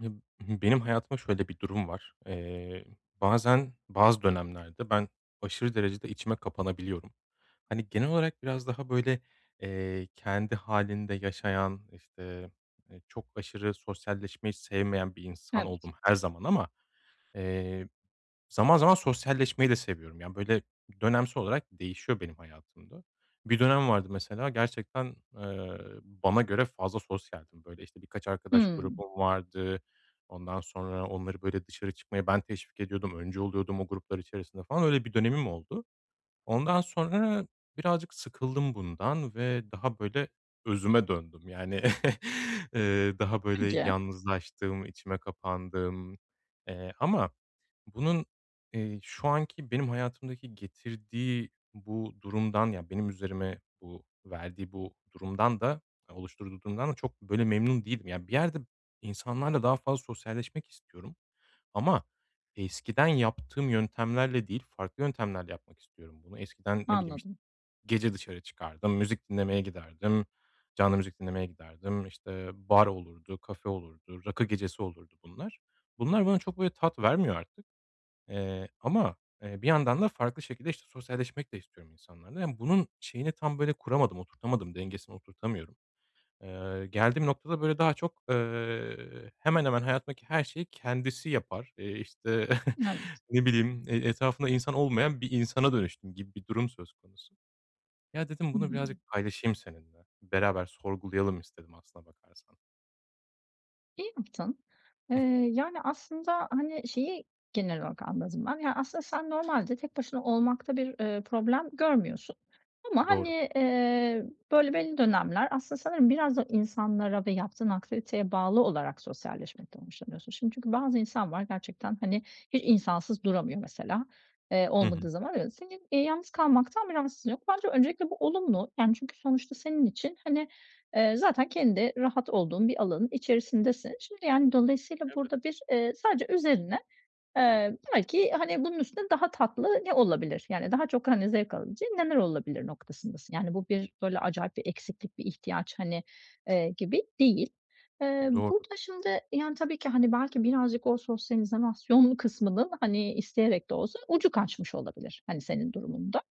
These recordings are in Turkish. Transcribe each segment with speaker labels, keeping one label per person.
Speaker 1: Ya b benim hayatıma şöyle bir durum var. Eee, bazen bazı dönemlerde ben aşırı derecede içime kapanabiliyorum. Hani genel olarak biraz daha böyle, eee, kendi hâlinde yaşayan, işte, eee, çok aşırı sosyalleşmeyi sevmeyen bir insan
Speaker 2: Evet.
Speaker 1: oldum her zaman ama, eee, zaman zaman sosyalleşmeyi de seviyorum. Yani böyle dönemsel olarak değişiyor benim hayatımda. Bir dönem vardı mesela gerçekten, eee, bana göre fazla sosyaldim, böyle işte birkaç arkadaş
Speaker 2: Hımm.
Speaker 1: grubum vardı. Ondan sonra onları böyle dışarı çıkmaya ben teşvik ediyordum. Öncü oluyordum o gruplar içerisinde falan, öyle bir dönemim oldu. Ondan sonra birazcık sıkıldım bundan ve daha böyle özüme döndüm. Yani, eee, daha böyle
Speaker 2: Peki.
Speaker 1: yalnızlaştım, içime kapandım, eee, ama bunun, eee, şu anki benim hayatımdaki getirdiği bu durumdan, yani benim üzerime bu verdiği bu durumdan da oluşturduğu durumdan da çok böyle memnun değilim. Yani bir yerde insanlarla daha fazla sosyalleşmek istiyorum ama eskiden yaptığım yöntemlerle değil, farklı yöntemlerle yapmak istiyorum bunu. Eskiden, ne bileyim, işt
Speaker 2: Anladım.
Speaker 1: gece dışarı çıkardım, müzik dinlemeye giderdim, canlı müzik dinlemeye giderdim, işte, bar olurdu, kafe olurdu, rakı gecesi olurdu, bunlar. Bunlar bana çok böyle tat vermiyor artık, eee, ama, eee, bir yandan da farklı şekilde işte sosyalleşmek de istiyorum insanlarla. Emm, bunun şeyini tam böyle kuramadım, oturtamadım, dengesini oturtamıyorum. Eee, geldiğim noktada böyle daha çok, eee, hemen hemen hayatımdaki her şeyi kendisi yapar. Eee, işte,
Speaker 2: Evet.
Speaker 1: ne bileyim, eee, etrafında insan olmayan bir insana dönüştüm gibi bir durum söz konusu. Ya dedim bunu
Speaker 2: Hımm.
Speaker 1: birazcık paylaşayım seninle beraber sorgulayalım istedim aslına bakarsan.
Speaker 2: İyi yaptın. Eee, yani aslında, hani, şeyi genel olarak anladım ben. Ya aslında sen normalde tek başına olmakta bir, ııı, problem görmüyorsun ama,
Speaker 1: Doğru.
Speaker 2: hani, eee, böyle belli dönemler aslında sanırım biraz da insanlara ve yaptığın aktiviteye bağlı olarak sosyalleşmekten hoşlanıyorsun. Şimdi çünkü bazı insan var gerçekten, hani, hiç insansız duramıyor mesela, eee,
Speaker 1: Hı hı.
Speaker 2: olmadığı zaman öyle. Senin, eee, yalnız kalmaktan bir rahatsızlığın yok. Bence öncelikle bu olumlu, yani çünkü sonuçta senin için, hani, eee, zaten kendi rahat olduğun bir alanın içerisindesin. Şimdi, yani, dolayısıyla
Speaker 1: Evet.
Speaker 2: burada bir, eee, sadece üzerine, eee, belki, hani, bunun üstüne daha tatlı ne olabilir, yani daha çok, hani, zevk alabileceğin neler olabilir noktasındasın. Yani bu bir böyle acayip bir eksiklik, bir ihtiyaç, hani, eee, gibi değil. Eee,
Speaker 1: Doğru.
Speaker 2: burada şimdi, yani, tabii ki, hani, belki birazcık o sosyal izolasyon kısmının, hani, isteyerek de olsa ucu kaçmış olabilir, hani, senin durumunda.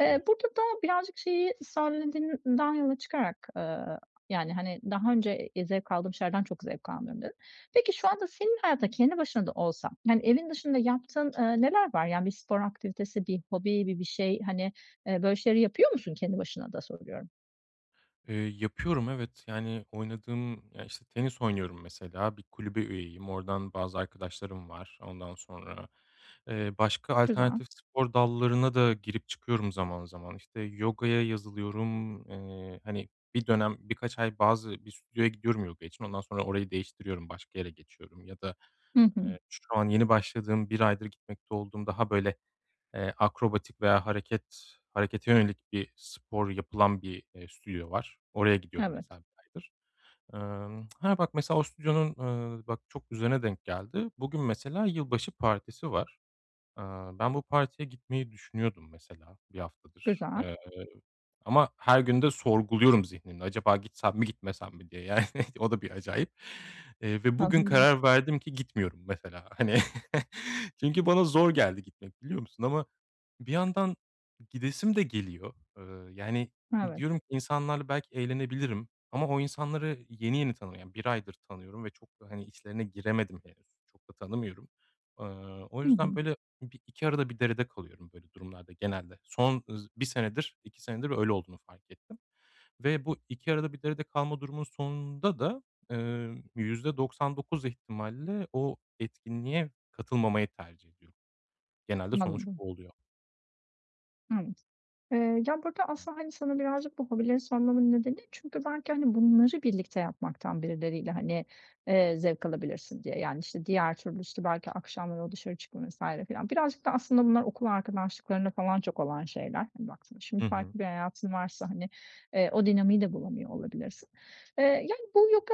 Speaker 2: Eee, burada da birazcık şeyi sen dediğinden yola çıkarak, ııı, yani, hani, daha önce, iii, zevk aldığım şeylerden çok zevk almıyorum dedin. Peki şu anda senin hayatında kendi başına da olsan, yani evin dışında yaptığın, ııı, neler var? Yani bir spor aktivitesi, bir hobi, bir bir şey, hani, eee, böyle şeyleri yapıyor musun kendi başına da soruyorum?
Speaker 1: Eee, yapıyorum. Evet. Yani oynadığım ya, işte, tenis oynuyorum, mesela, bir kulübe üyeyim, oradan bazı arkadaşlarım var. Ondan sonra, eee, başka
Speaker 2: Güzel.
Speaker 1: alternatif spor dallarına da girip çıkıyorum zaman zaman. İşte yogaya yazılıyorum, eee, hani bir dönem birkaç ay bazı bir stüdyoya gidiyorum yogaya için ondan sonra orayı değiştiriyorum başka yere geçiyorum ya da,
Speaker 2: Hı hı.
Speaker 1: eee, şu an yeni başladığım 1 aydır gitmekte olduğum daha böyle, eee, akrobatik veya hareket harekete yönelik bir spor yapılan bir, eee, stüdyo var. Oraya gidiyorum
Speaker 2: Evet.
Speaker 1: mesela 1 aydır. Emm, ha, bak mesela o stüdyonun, ııı, bak çok üzerine denk geldi. Bugün mesela yılbaşı partisi var. Iıı, ben bu partiye gitmeyi düşünüyordum mesela 1 haftadır,
Speaker 2: Güzel.
Speaker 1: eee, ama her gün de sorguluyorum zihnimde acaba gitsem mi gitmesem mi diye, yani, o da bir acayip, eee, ve bugün
Speaker 2: Anladım.
Speaker 1: karar verdim ki gitmiyorum mesela, hani, çünkü bana zor geldi gitmek biliyor musun ama bir yandan gidesim de geliyor, ııı, yani
Speaker 2: Evet.
Speaker 1: diyorum insanlarla belki eğlenebilirim ama o insanları yeni yeni tanıyor, yani 1 aydır tanıyorum ve çok da, hani, içlerine giremedim henüz. Çok da tanımıyorum. Iıı, o
Speaker 2: Hı
Speaker 1: yüzden
Speaker 2: hı.
Speaker 1: böyle bir iki arada bir derede kalıyorum böyle durumlarda genelde. Son, ııı, 1 senedir 2 öyle olduğunu fark ettim ve bu iki arada bir derede kalma durumunun sonunda da, eee, %99 ihtimalle o etkinliğe katılmamayı tercih ediyorum. Genelde sonuç
Speaker 2: Anladım.
Speaker 1: bu oluyor.
Speaker 2: Hı. Eee, ya, burada aslında,
Speaker 1: [unintelligible]
Speaker 2: hani, sana birazcık bu hobilerin sormamın nedeni, çünkü belki, hani, bunları birlikte yapmaktan birileriyle, hani, eee, zevk alabilirsin diye. Yani, işte, diğer türlüsü belki akşamları o dışarı çıkma vs. filan. Birazcık da aslında bunlar okul arkadaşlıklarında falan çok olan şeyler, hani, baktığında.
Speaker 1: Hı
Speaker 2: Şimdi
Speaker 1: hı.
Speaker 2: farklı bir hayatın varsa, hani, eee, o dinamiği de bulamıyor olabilirsin. Eee, yani, bu yoga,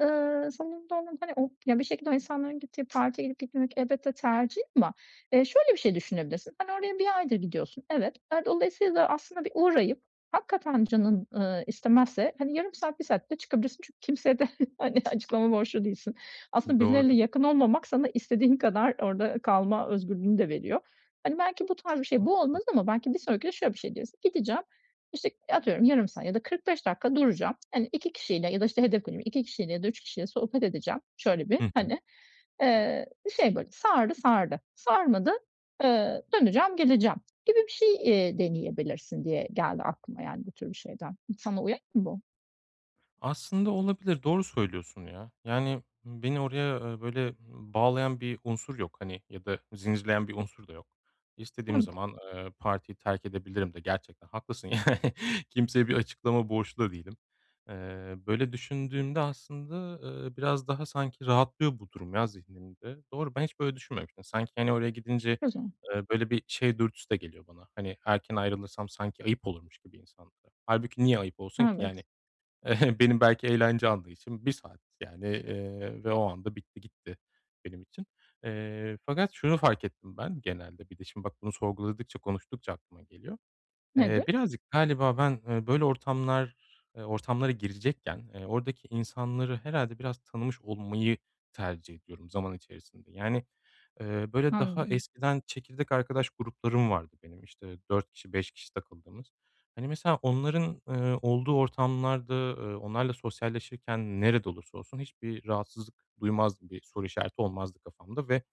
Speaker 2: eee, sanırım, [unintelligible] hani, o yani bir şekilde o insanların gittiği partiye gidip gitmemek elbette tercih ama, eee, şöyle bir şey düşünebilirsin: Sen oraya 1 aydır gidiyorsun, evet ve dolayısıyla aslında bir uğrayıp hakikaten canın, eee, istemezse, hani, yarım saat, 1 saatte çıkabilirsin, çünkü kimseye de, hani, açıklama borçlu değilsin. Aslında birileriyle
Speaker 1: Doğru.
Speaker 2: yakın olmamak sana istediğin kadar orada kalma özgürlüğünü de veriyor. Hani, belki bu tarz bir şey, bu
Speaker 1: Haklısın.
Speaker 2: olmaz ama belki bir sonraki de şöyle bir şey deriz: Gideceğim, işte, atıyorum, yarım saat ya da 45 dakika duracağım, hani, 2 kişiyle ya da, işte, hedef veriyorum 2 ya da 3 kişiyle sohbet edeceğim, şöyle bir,
Speaker 1: Hı hı.
Speaker 2: hani, eee, şey böyle, sardı, sardı, sarmadı, eee, döneceğim, geleceğim gibi bir şey, eee, deneyebilirsin diye geldi aklıma, yani, bu tür bir şeyden. Sana uyar mı bu?
Speaker 1: Aslında olabilir, doğru söylüyorsun ya, yani beni oraya, eee, böyle, ııı, bağlayan bir unsur yok, hani, ya da zincirleyen bir unsur da yok. İstediğim
Speaker 2: Evet.
Speaker 1: zaman, eee, partiyi terk edebilirim de gerçekten haklısın yani. Kimseye bir açıklama borçlu da değilim. Eee, böyle düşündüğümde aslında, eee, biraz daha sanki rahatlıyor bu durum ya zihnimde. Doğru ben hiç böyle düşünmemiştim. Sanki hani oraya gidince,
Speaker 2: Güzel.
Speaker 1: eee, böyle bir şey dürtüsü de geliyor bana, hani erken ayrılırsam sanki ayıp olurmuş gibi insanlara. Hâlbuki niye ayıp olsun ki,
Speaker 2: Evet.
Speaker 1: yani benim belki eğlence anlayışım 1 saat yani, eee, ve o anda bitti, gitti benim için. Eee, fakat şunu fark ettim ben genelde bir de, şimdi, bak bunu sorguladıkça, konuştukça aklıma geliyor. Eee,
Speaker 2: Nedir?
Speaker 1: birazcık galiba ben, eee, böyle ortamlar, eee, ortamlara girecekken, eee, oradaki insanları herhâlde biraz tanımış olmayı tercih ediyorum zaman içerisinde. Yani, eee, böyle daha
Speaker 2: Anladım.
Speaker 1: eskiden çekirdek arkadaş gruplarım vardı benim, işte, 4 kişi, 5 kişi takıldığımız. Hani mesela onların, eee, olduğu ortamlarda, ııı, onlarla sosyalleşirken nerede olursa olsun, hiçbir rahatsızlık duymaz gibi, soru işareti olmazdı kafamda ve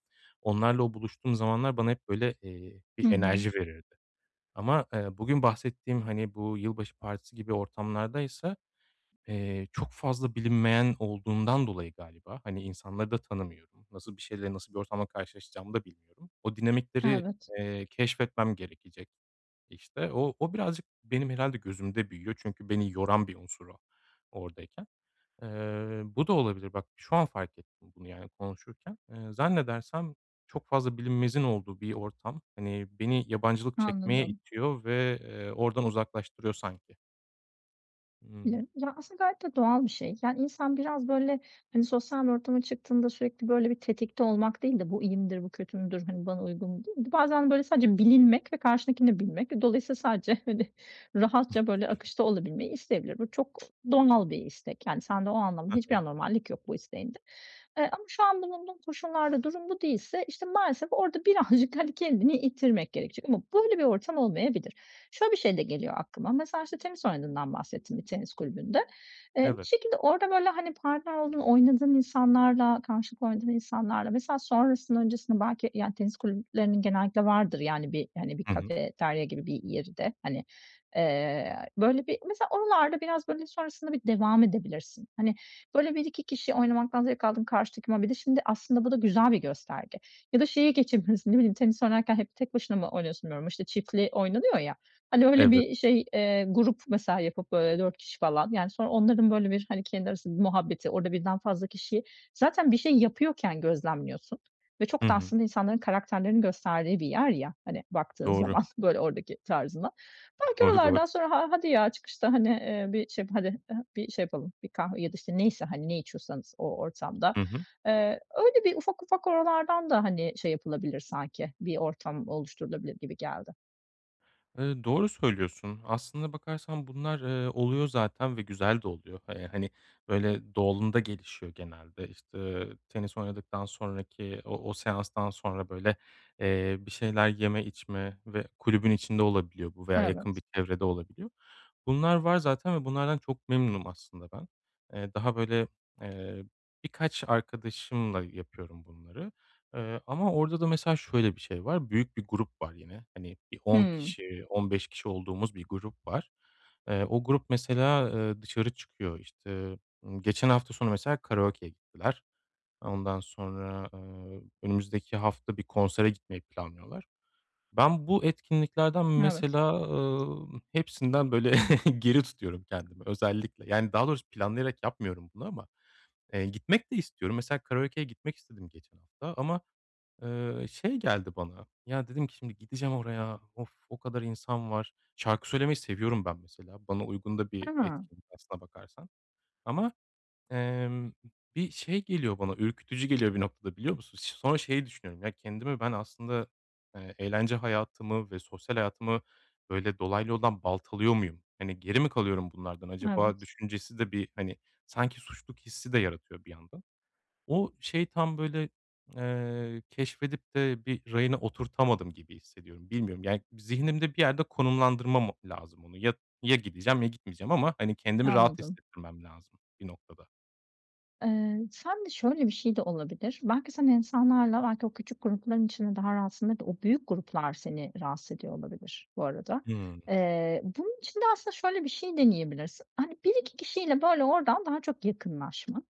Speaker 1: onlarla o buluştuğum zamanlar bana hep böyle, eee, bir
Speaker 2: Hı hı.
Speaker 1: enerji verirdi. Ama, eee, bugün bahsettiğim, hani, bu yılbaşı partisi gibi ortamlardaysa, eee, çok fazla bilinmeyen olduğundan dolayı galiba, hani, insanları da tanımıyorum, nasıl bir şeyle, nasıl bir ortamda karşılaşacağımı da bilmiyorum. O dinamikleri,
Speaker 2: Evet.
Speaker 1: eee, keşfetmem gerekecek işte, o o birazcık benim herhâlde gözümde büyüyor. Çünkü beni yoran bir unsur o, oradayken. Eee, bu da olabilir bak şu an fark ettim bunu yani konuşurken, eee, zannedersem çok fazla bilinmezin olduğu bir ortam. Hani beni yabancılık çekmeye
Speaker 2: Anladım.
Speaker 1: itiyor ve, eee, oradan uzaklaştırıyor sanki.
Speaker 2: Ya
Speaker 1: Hı.
Speaker 2: ya, aslında, gayet de doğal bir şey. Yani, insan biraz, böyle, hani, sosyal bir ortama çıktığında sürekli, böyle, bir tetikte olmak değil de bu iyi midir, bu kötü müdür, hani, bana uygun mudur? Bir de bazen, böyle, sadece bilinmek ve karşındakini de bilmek ve dolayısıyla sadece hani rahatça, böyle, akışta olabilmeyi isteyebilir. Bu çok doğal bir istek, yani, sende o anlamda
Speaker 1: Hı
Speaker 2: hiçbir
Speaker 1: hı.
Speaker 2: anormallik yok bu isteğinde. Iıı, ama şu an bulunduğun koşullarda durum bu değilse, işte, maalesef orada birazcık, hani, kendini ittirmek gerekecek ama böyle bir ortam olmayabilir. Şöyle bir şey de geliyor aklıma. Mesela, işte, tenis oynadığından bahsettin, bir tenis kulübünde. Iıı, bir
Speaker 1: Evet.
Speaker 2: şekilde orada, böyle, hani, partner olduğun, oynadığın insanlarla, karşılıklı oynadığın insanlarla, mesela, sonrasında öncesinde belki, yani, tenis kulüplerinin genellikle vardır, yani, bir, hani, bir
Speaker 1: Hı hı.
Speaker 2: kafeterya gibi bir yeri de. Hani, ııı, böyle bir, mesela, oralarda biraz, böyle, sonrasında bir devam edebilirsin. Hani, böyle, 1-2 kişi oynamaktan zevk aldığın karşındakinle. Bir de şimdi, aslında, bu da güzel bir gösterge ya da şeye geçebilirsin, ne bileyim tenis oynarken hep tek başına mı oynuyorsun bilmiyorum, işte, çiftli oynanıyor, ya, hani, öyle
Speaker 1: Evet.
Speaker 2: bir şey, eee, grup, mesela, yapıp, böyle, 4 kişi, falan, yani, sonra onların, böyle, bir, hani, kendi arası muhabbeti, orada 1'den fazla kişiyi, zaten, bir şey yapıyorken gözlemliyorsun ve
Speaker 1: Hı
Speaker 2: çok da,
Speaker 1: hı.
Speaker 2: aslında, insanların karakterlerinin gösterdiği bir yer, ya, hani, baktığın
Speaker 1: Doğru.
Speaker 2: zaman böyle oradaki tarzından. Belki
Speaker 1: Doğru, doğru.
Speaker 2: oralardan sonra ha hadi, ya, çıkışta, hani, ııı, bir şey yap hadi, bir şey yapalım. Bir kahve ya da, işte, neyse, hani, ne içiyorsanız o ortamda.
Speaker 1: Hı hı.
Speaker 2: Iıı, öyle bir ufak, ufak oralardan da, hani, şey yapılabilir sanki bir ortam oluşturulabilir gibi geldi.
Speaker 1: Iıı, doğru söylüyorsun, aslında bakarsan bunlar, ııı, oluyor zaten ve güzel de oluyor. Iıı, hani, böyle, doğalında gelişiyor genelde, işte, eee, tenis oynadıktan sonraki o o seanstan sonra, böyle, ııı, bir şeyler yeme içme ve kulübün içinde olabiliyor bu veya yakın bir
Speaker 2: Evet.
Speaker 1: çevrede olabiliyor. Bunlar var zaten ve bunlardan çok memnunum aslında ben. Iıı, daha, böyle, ııı, birkaç arkadaşımla yapıyorum bunları, ııı, ama orada da, mesela, şöyle bir şey var, büyük bir grup var yine. Hani, bir 10
Speaker 2: Hıı.
Speaker 1: kişi, 15 kişi olduğumuz bir grup var. Iıı, o grup, mesela, ııı, dışarı çıkıyor, işte, ı geçen hafta sonu, mesela, karaokeye gittiler. Ondan sonra, ııı, önümüzdeki hafta bir konsere gitmeyi planlıyorlar. Ben bu etkinliklerden,
Speaker 2: Evet.
Speaker 1: mesela, ııı, hepsinden, böyle, geri tutuyorum kendimi özellikle, yani, daha doğrusu planlayarak yapmıyorum bunu ama, ııı, gitmek de istiyorum. Mesela, karaokeye gitmek istedim geçen hafta ama, ııı, şey geldi bana, ya, dedim ki, "Şimdi gideceğim oraya, of, o kadar insan var." Şarkı söylemeyi seviyorum ben, mesela, bana uygun da bir
Speaker 2: Ha.
Speaker 1: etkinlik aslına bakarsan ama, ımm, bir şey geliyor bana ürkütücü geliyor bir noktada, biliyor musun? Sonra şey düşünüyorum, ya, kendimi ben, aslında, ııı, eğlence hayatımı ve sosyal hayatımı öyle dolaylı yoldan baltalıyor muyum? Hani, geri mi kalıyorum bunlardan acaba
Speaker 2: Evet.
Speaker 1: düşüncesi de bir, hani, sanki suçluluk hissi de yaratıyor bir yandan. O şey tam, böyle, eee, keşfedip de bir rayına oturtamadım gibi hissediyorum, bilmiyorum. Yani, zihnimde bir yerde konumlandırmamam o lazım onu, ya ya gideceğim ya gitmeyeceğim ama, hani, kendimi rahat
Speaker 2: Anladım.
Speaker 1: hissettirmem lazım bir noktada.
Speaker 2: Eee, sende şöyle bir şey de olabilir, belki sen insanlarla, belki, o küçük grupların içinde daha rahatsındır da o büyük gruplar seni rahatsız ediyor olabilir bu arada.
Speaker 1: Hıı.
Speaker 2: Eee, bunun için de aslında şöyle bir şey deneyebilirsin. Hani, 1-2 kişiyle, böyle, oradan daha çok yakınlaşman,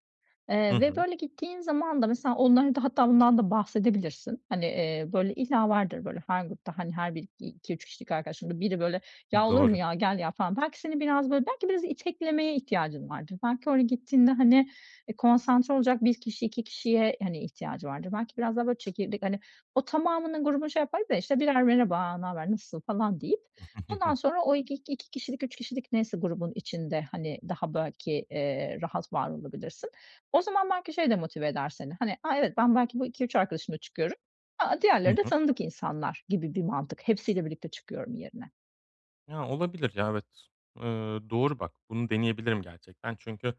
Speaker 1: Hı
Speaker 2: eee, ve,
Speaker 1: hı.
Speaker 2: böyle, gittiğin zaman da mesela onlara da hatta bundan da bahsedebilirsin. Hani, eee, böyle, illa vardır, böyle, her grupta, hani, her biri 2-3 kişilik arkadaşındır. Biri, böyle,
Speaker 1: Iıı,
Speaker 2: "Ya olur mu
Speaker 1: doğru.
Speaker 2: ya, gel ya!" falan. Belki senin biraz, böyle, belki biraz iteklemeye ihtiyacın vardır. Belki oraya gittiğinde, hani, e, konsantre olacak 1 kişi, 2 kişiye, hani, ihtiyacı vardır. Belki biraz daha, böyle, çekirdek, hani, o tamamının grubunu şey yapardık da, işte, birer, "Merhaba ne haber, nasılsın?" falan, deyip ondan sonra o iki iki kişilik, 3 kişilik neyse grubun içinde, hani, daha belki, eee, rahat var olabilirsin. O zaman belki şey de motive eder seni, hani, "a, evet ben belki bu 2-3 arkadaşımla çıkıyorum, a, a,
Speaker 1: Hı
Speaker 2: diğerleri de
Speaker 1: hı.
Speaker 2: tanıdık insanlar" gibi bir mantık. Hepsiyle birlikte çıkıyorum yerine.
Speaker 1: Ya, olabilir ya. Evet, ııı, doğru bak bunu deneyebilirim gerçekten. Çünkü,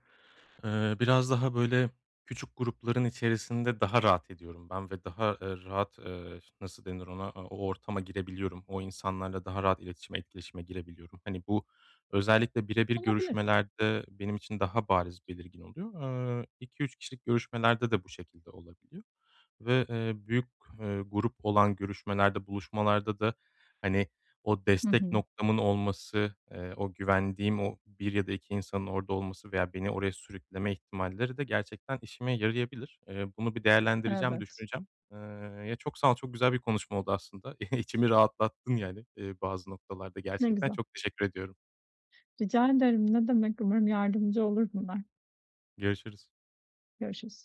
Speaker 1: ııı, biraz daha, böyle, küçük grupların içerisinde daha rahat ediyorum ben ve daha, eee, rahat, eee, ş nasıl denir ona, o ortama girebiliyorum, o insanlarla daha rahat iletişime, etkileşime girebiliyorum. Hani, bu özellikle birebir
Speaker 2: Olabilir.
Speaker 1: görüşmelerde benim için daha bariz, belirgin oluyor. Eee, 2-3 kişilik görüşmelerde de bu şekilde olabiliyor ve, eee, büyük, eee, grup olan görüşmelerde, buluşmalarda da, hani, o
Speaker 2: Hı
Speaker 1: destek
Speaker 2: hı.
Speaker 1: noktamın olması, eee, o güvendiğim o 1 ya da 2 insanın orada olması veya beni oraya sürükleme ihtimalleri de gerçekten işime yarayabilir. Eee, bunu bir değerlendireceğim,
Speaker 2: Evet.
Speaker 1: düşüneceğim, ııı, ya, çok sağ ol, çok güzel bir konuşma oldu aslında. İçimi rahatlattın, yani, bazı noktalarda
Speaker 2: Ne
Speaker 1: gerçekten.
Speaker 2: güzel.
Speaker 1: Çok teşekkür ediyorum.
Speaker 2: Rica ederim. Ne demek. Umarım yardımcı olur bunlar.
Speaker 1: Görüşürüz.
Speaker 2: Görüşürüz.